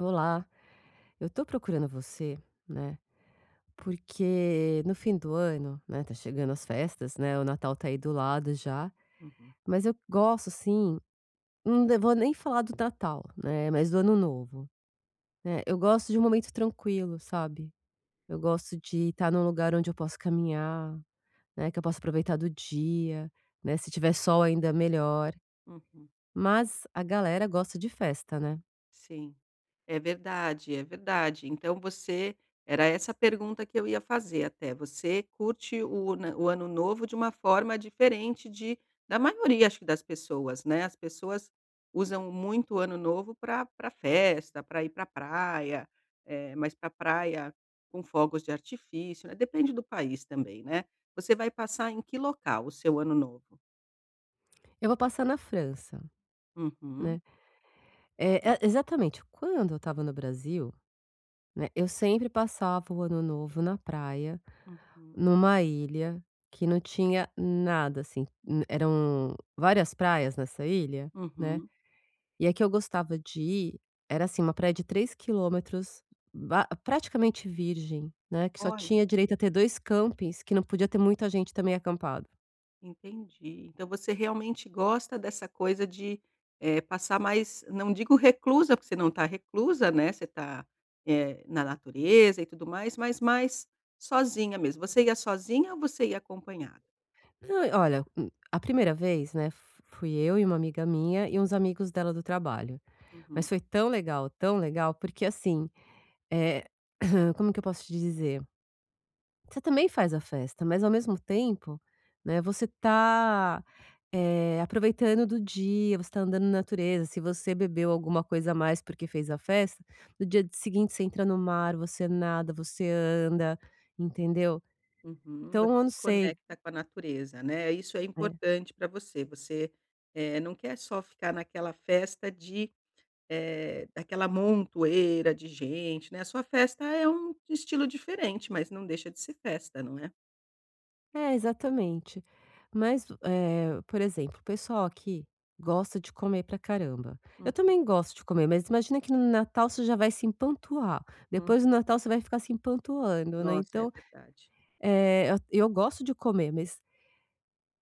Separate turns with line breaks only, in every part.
Olá, eu tô procurando você, né. Porque no fim do ano, né. Tá chegando as festas, né. O Natal tá aí do lado já,
Uhum.
mas eu gosto, assim Não vou nem falar do Natal, né, mais do Ano Novo, né. Eh, eu gosto de um momento tranquilo, sabe? Eu gosto de tá num lugar onde eu posso caminhar, né, que eu possa aproveitar do dia, né, se tiver sol ainda melhor.
Uhum.
Mas, a galera gosta de festa, né.
Sim, é verdade, é verdade. Então você era essa a pergunta que eu ia fazer até, você curte o na o Ano Novo de uma forma diferente de da maioria, acho, que das pessoas, né. As pessoas usam muito o Ano Novo pra pra festa, pra ir pra a praia. É, mas pra praia, com fogos de artifício, né? Depende do país também, né? Você vai passar em que local o seu Ano Novo?
Eu vou passar na França,
Uhum.
né. É é exatamente, quando eu estava no Brasil, né. Eu sempre passava o Ano Novo na praia,
Uhum.
numa ilha que não tinha nada assim, eram várias praias nessa ilha, né.
Uhum.
E a que eu gostava de ir, era assim, uma praia de 3 quilômetros ba praticamente virgem, né. Que só
Olha.
tinha direito a ter 2 campings que não podia ter muita gente também acampado.
Entendi. Então você realmente gosta dessa coisa de, eh, passar mais não digo reclusa, porque você não está reclusa, né? Você tá, eh, na natureza e tudo mais, mas mais sozinha mesmo. Você ia sozinha ou você ia acompanhada?
Nã olha, hum a primeira vez, né, f fui eu e uma amiga minha, e uns amigos dela do trabalho.
Uhum.
Mas foi tão legal, tão legal, porque assim, eh como é que eu posso te dizer? Você também faz a festa, mas ao mesmo tempo, né, você tá, eh, aproveitando do dia, você está andando na natureza. Se você bebeu alguma coisa a mais, porque fez a festa, no dia d seguinte você entra no mar, você nada, você anda, entendeu?
Uhum,
Então,
você
eu
se
não sei
conecta com a natureza, né? Isso é
É.
importante para você. Você, eh, não quer só ficar naquela festa de, eh, daquela montoeira de gente, né? A sua festa é um estilo diferente, mas não deixa de ser festa, não é?
É, exatamente. Mas do, eh, por exemplo, o pessoal aqui gosta de comer pra caramba. Eu
Uhum.
também gosto de comer, mas imagina que no Natal você já vai se empanturrar,
Uhum.
depois do Natal você vai ficar se empanturrando, né?
Nossa, é
Então,
verdade.
eh, at eu gosto de comer, mas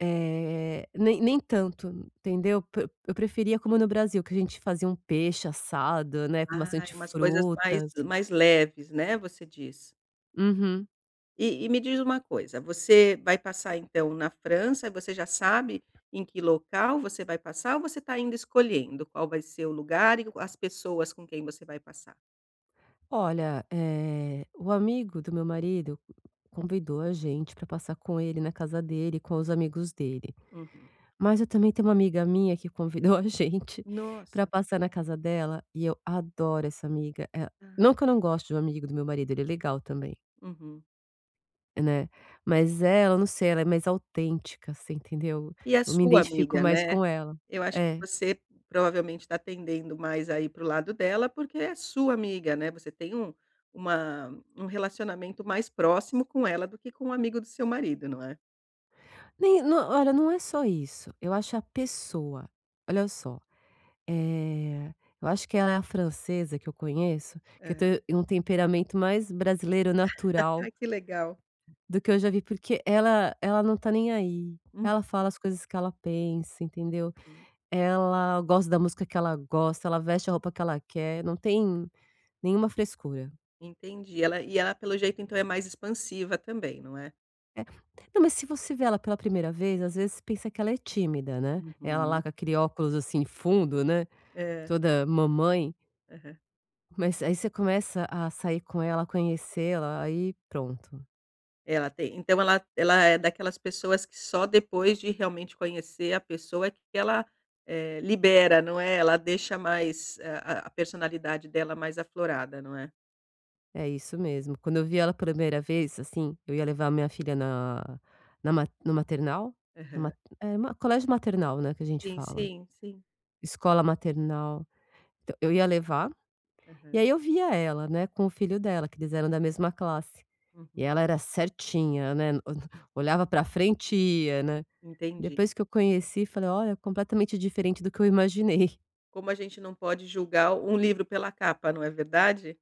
eh, nem nem tanto, entendeu? Pre eu preferia como no Brasil, que a gente fazia um peixe assado, né? Com
Ah,
bastante
é umas coisas mais
frutas.
mais leves, né? Você diz.
Uhum.
E e me diz uma coisa. Você vai passar então na França, você já sabe em que local você vai passar ou você tá ainda escolhendo qual vai ser o lugar e o as pessoas com quem você vai passar?
Olha, eh, o amigo do meu marido convidou a gente pra passar com ele na casa dele, com os amigos dele.
Uhum.
Mas eu também tenho uma amiga minha que convidou a gente pra
Nossa!
passar na casa dela e eu adoro essa amiga, eh,
Ah.
não que eu não gosto de um amigo do meu marido. Ele é legal também.
Uhum.
Né. Mas ela, eu não sei, ela é mais autêntica. Você entendeu?
E é
Eu me
sua
identifico
amiga,
mais
né.
com ela.
Eu acho que
É.
você provavelmente tá tendendo mais a ir para o lado dela, porque é a sua amiga, né? Você tem um uma um relacionamento mais próximo com ela do que com o amigo do seu marido, não é?
Nem no olha, não é só isso. Eu acho a pessoa. Olha só. Eh, eu acho que ela é a francesa que eu conheço que eu tô
Eh.
em um temperamento mais brasileiro natural.
Ai, que legal.
Do que eu já vi, porque ela ela não está nem aí.
Uhum.
Ela fala as coisas que ela pensa, entendeu.
Hum.
Ela gosta da música que ela gosta. Ela veste a roupa que ela quer, não tem nenhuma frescura.
Entendi. E ela e ela, pelo jeito, então é mais expansiva também, não é.
É, não, mas se você vê ela pela primeira vez, às vezes pensa que ela é tímida, né, ela
Uhum.
lá com aquele óculos assim fundo, né,
É.
toda mamãe.
Aham.
Mas aí você começa a sair com ela, conhecê-la, aí pronto.
Ela tem então ela ela é daquelas pessoas que só depois de realmente conhecer a pessoa que ela é libera, não é, ela deixa mais a a a personalidade dela mais aflorada, não é?
É isso mesmo. Quando eu vi ela a primeira vez, assim, eu ia levar a minha filha na na ma no maternal,
Aham.
numa é uma colégio maternal, né, que a gente
Sim,
fala,
sim, sim.
escola maternal. Então, eu ia levar e aí
Aham.
eu via ela, né, com o filho dela, que eles eram da mesma classe, e
Uhum.
ela era certinha, né, olhava pra a frente ia, né,
Entendi.
depois que eu conheci, falei: "Olha, é completamente diferente do que eu imaginei".
Como a gente não pode julgar um livro pela capa, não é verdade.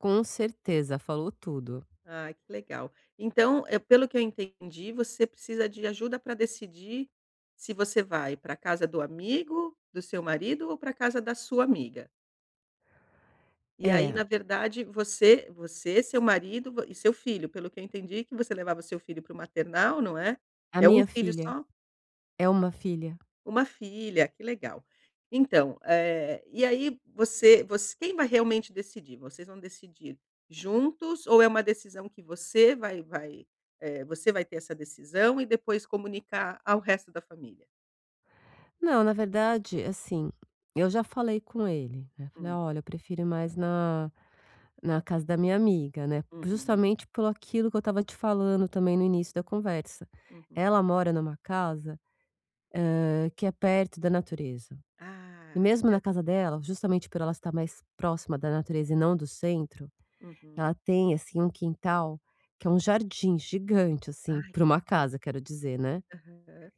Com certeza, falou tudo.
Ah, que legal. Então eh, pelo que eu entendi, você precisa de ajuda pra decidir se você vai pra casa do amigo do seu marido ou pra casa da sua amiga. E aí, na
É.
verdade, você você, seu marido, e seu filho. Pelo que eu entendi que você levava seu filho para o maternal, não é?
A
É 1
minha
filho
filha.
só?
É 1 filha.
1 filha que legal, então, eh, e aí, você voc quem vai realmente decidir ou vocês vão decidir juntos ou é uma decisão que você vai vai, eh, você vai ter essa decisão e depois comunicar ao resto da família?
Não, na verdade, assim, eu já falei com ele, né? Eu falei:
Hum.
"Olha, eu prefiro mais na na casa da minha amiga, né?"
Uhum.
Justamente pelo aquilo que eu estava te falando também no início da conversa,
Uhum.
ela mora numa casa, eh, que é perto da natureza, e
Ah,
mesmo na
eu
casa dela, justamente por ela estar mais próxima da natureza e não do centro.
Uhum.
Ela tem, assim, um quintal, que é um jardim gigante assim
Ai
para
que
uma
legal.
casa. Quero dizer, né?
Aham,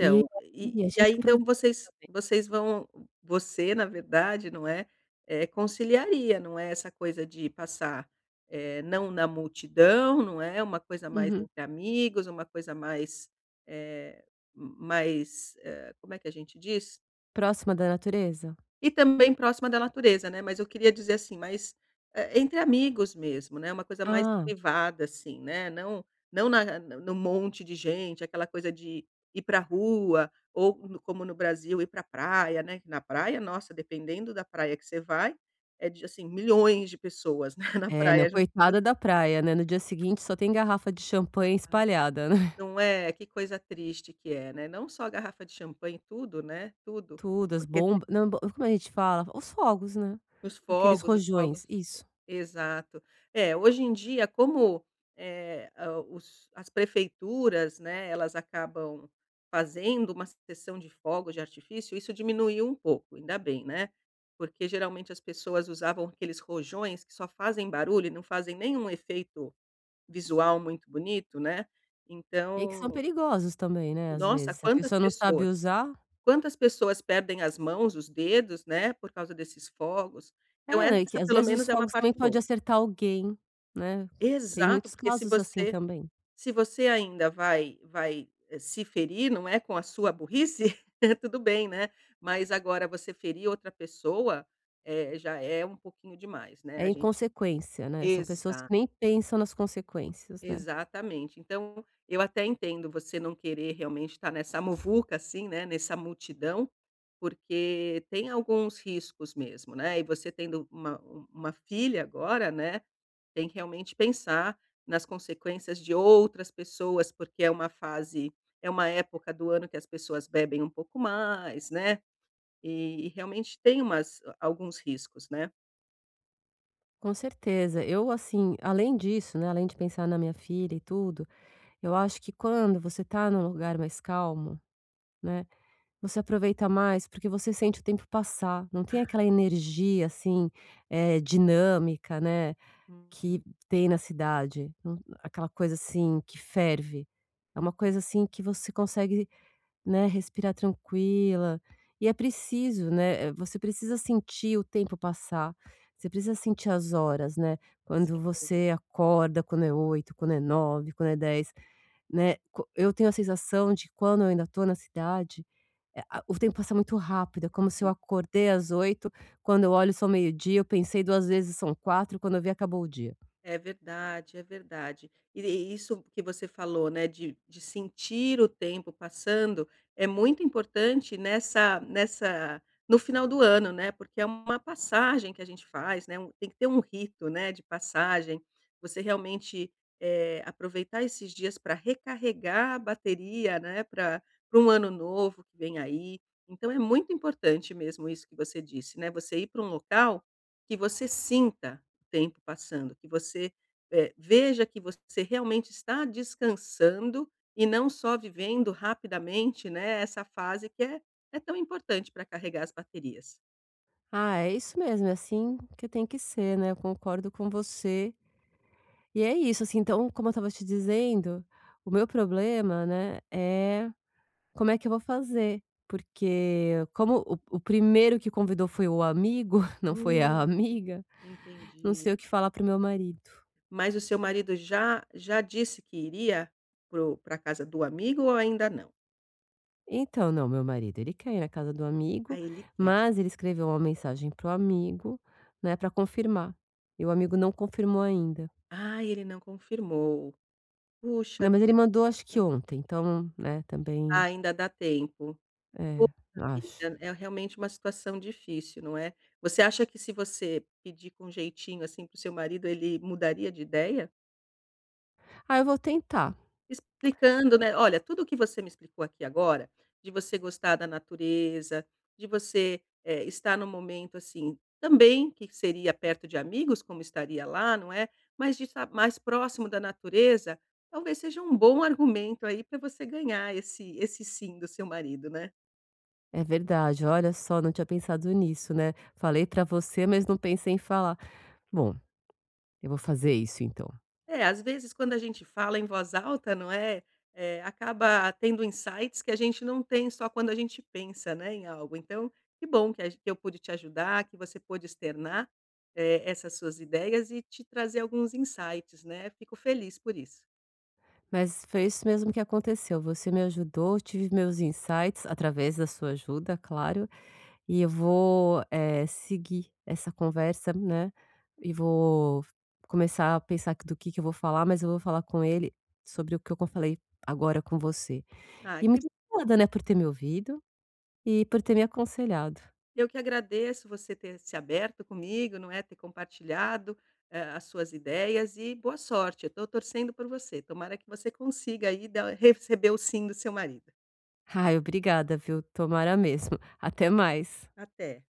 E,
e
assim, a
e aí
gente
então
aproveita
vocês
também.
vocês vão você na verdade, não é, é conciliaria, não é essa coisa de passar, eh, não na multidão, não é. Uma coisa mais
Uhum.
entre amigos, uma coisa mais, eh, mais, eh, Como é que a gente diz?
Próxima da natureza?
E também próxima da natureza, né. Mas eu queria dizer assim, mas, hã, entre amigos mesmo, né. Uma coisa mais
Ah!
privada, assim, né não não na a no monte de gente, aquela coisa de ir pra rua ou c como no Brasil, ir pra praia, né. Que na praia, nossa, dependendo da praia que você vai, é de, assim, milhões de pessoas, né, na
É não,
praia, junto com
coitada
você.
da praia, né? No dia seguinte, só tem garrafa de champanhe
Ah,
espalhada, né?
não é? Que coisa triste que é, né? Não só a garrafa de champanhe, tudo, né? Tudo
Tudo, as
porque
bombas não b como a gente fala? Os fogos, né?
os
Aqueles
fogos os
rojões,
fogos
isso.
e exato. É, hoje em dia, como, eh, o os as prefeituras, né. Elas acabam fazendo uma sessão de fogos de artifício, isso diminuiu um pouco. Ainda bem, né. Porque geralmente as pessoas usavam aqueles rojões que só fazem barulho e não fazem nenhum efeito visual muito bonito, né.
E que são
Então
perigosos também, né, às
nossa!
vezes. Se a
Quantas
pessoa não sabe
pessoas
usar
quantas pessoas perdem as mãos, os dedos, né, por causa desses fogos. Então
É, né? E que
essa
às
pelo
vezes os
menos é uma
fogos também
parte
pode
boa.
acertar alguém, né? Tem
Exato!
muitos
Porque se
casos assim
você
também.
se você ainda vai vai, eh, se ferir, não é com a sua burrice, tudo bem, né? Mas agora você ferir outra pessoa é já é um pouquinho demais, né.
É
A gente
inconsequência, né. São pessoas que
exato.
nem pensam nas consequências, né.
Exatamente. Então, eu até entendo você não querer realmente estar nessa muvuca assim, né, nessa multidão, porque tem alguns riscos mesmo, né. E você tendo uma-u uma filha agora, né, tem que realmente pensar nas consequências de outras pessoas, porque é uma fase é uma época do ano que as pessoas bebem um pouco mais, né, e e realmente tem umas alguns riscos, né.
Com certeza eu assim além disso, né. Além de pensar na minha filha e tudo, eu acho que quando você tá num lugar mais calmo, né. Você aproveita mais, porque você sente o tempo passar. Não tem
Ah.
aquela energia assim, é, dinâmica, né. Que
Uhum.
tem na cidade, aquela coisa, assim, que ferve é uma
Uhum.
coisa assim que você consegue, né, respirar tranquila, e é preciso, né. É, você precisa sentir o tempo passar. Você precisa sentir as horas, né. Quando
Sem dúvida.
você acorda quando é 8, quando é 9, quando é 10, né? Co eu tenho a sensação de quando eu ainda estou na cidade, é a o tempo passa muito rápido. É como se eu
Uhum.
acordei às 8. Quando eu olho são meio-dia, eu pensei 2 vezes são 16h. Quando eu vi, acabou o dia.
É verdade, é verdade. E isso que você falou, né. De de sentir o tempo passando é muito importante nessa nessa no final do ano, né. Porque é uma passagem que a gente faz, né. Tem que ter um rito, né, de passagem, você realmente, eh, aproveitar esses dias para recarregar a bateria, né. Pra para um ano novo que vem aí. Então é muito importante mesmo isso que você disse, né. Você ir para um local que você sinta o tempo passando, que você, é, veja que você realmente está descansando e não só vivendo rapidamente, né. Essa fase que é é tão importante para carregar as baterias.
Ah, é isso mesmo, é assim que tem que ser, né, eu concordo com você. E é isso, assim, então como eu estava te dizendo, o meu problema, né, é como é que eu vou fazer. Porque como o o primeiro que convidou foi o amigo, não foi a
Hum,
amiga, não
entendi.
sei o que falar para o meu marido.
Mas o seu marido já já disse que iria para o pra casa do amigo ou ainda não?
Então, não, meu marido ele quer ir na casa do
Ah,
amigo,
ele quer.
mas ele escreveu uma mensagem para o amigo, né, pra confirmar. E o amigo não confirmou ainda.
Ah, ele não confirmou. Puxa
Meu marido ele
vida,
mandou acho que
então
ontem, então né também
Ainda dá tempo. Puxa
é, acho.
vida, é realmente uma situação difícil, não é? Você acha que se você pedir com jeitinho assim para o seu marido, ele mudaria de ideia?
Ah eu vou tentar.
Explicando, né. Olha tudo o que você me explicou aqui agora, de você gostar da natureza, de você, eh, estar no momento, assim, também que seria perto de amigos, como estaria lá, não é? Mas de estar mais próximo da natureza, talvez seja um bom argumento aí pra você ganhar esse esse "sim" do seu marido, né.
É verdade, olha só, não tinha pensado nisso, né, falei pra você mas não pensei em falar: "Bom, eu vou fazer isso então."
É, às vezes, quando a gente fala em voz alta, não é, eh, acaba tendo insights que a gente não tem só quando a gente pensa, né, em algo. Então, que bom que a g que eu pude te ajudar, que você pôde externar, eh, essas suas ideias e te trazer alguns insights, né? Fico feliz por isso.
Mas foi isso mesmo que aconteceu. Você me ajudou, eu tive os meus insights através da sua ajuda, claro, e eu vou, eh, seguir essa conversa, né, e vou começar a pensar que do que que eu vou falar, mas eu vou falar com ele sobre o que co eu falei agora com você
Ah,
e
que
muito obrigada, né, por ter me ouvido e por ter me aconselhado.
Eu que agradeço você ter se aberto comigo, não é, ter compartilhado, eh, as suas ideias e boa sorte, eu tô torcendo por você. Tomara que você consiga aí da receber o sim do seu marido.
Ai, obrigada, viu, tomara mesmo. Até mais.
Até.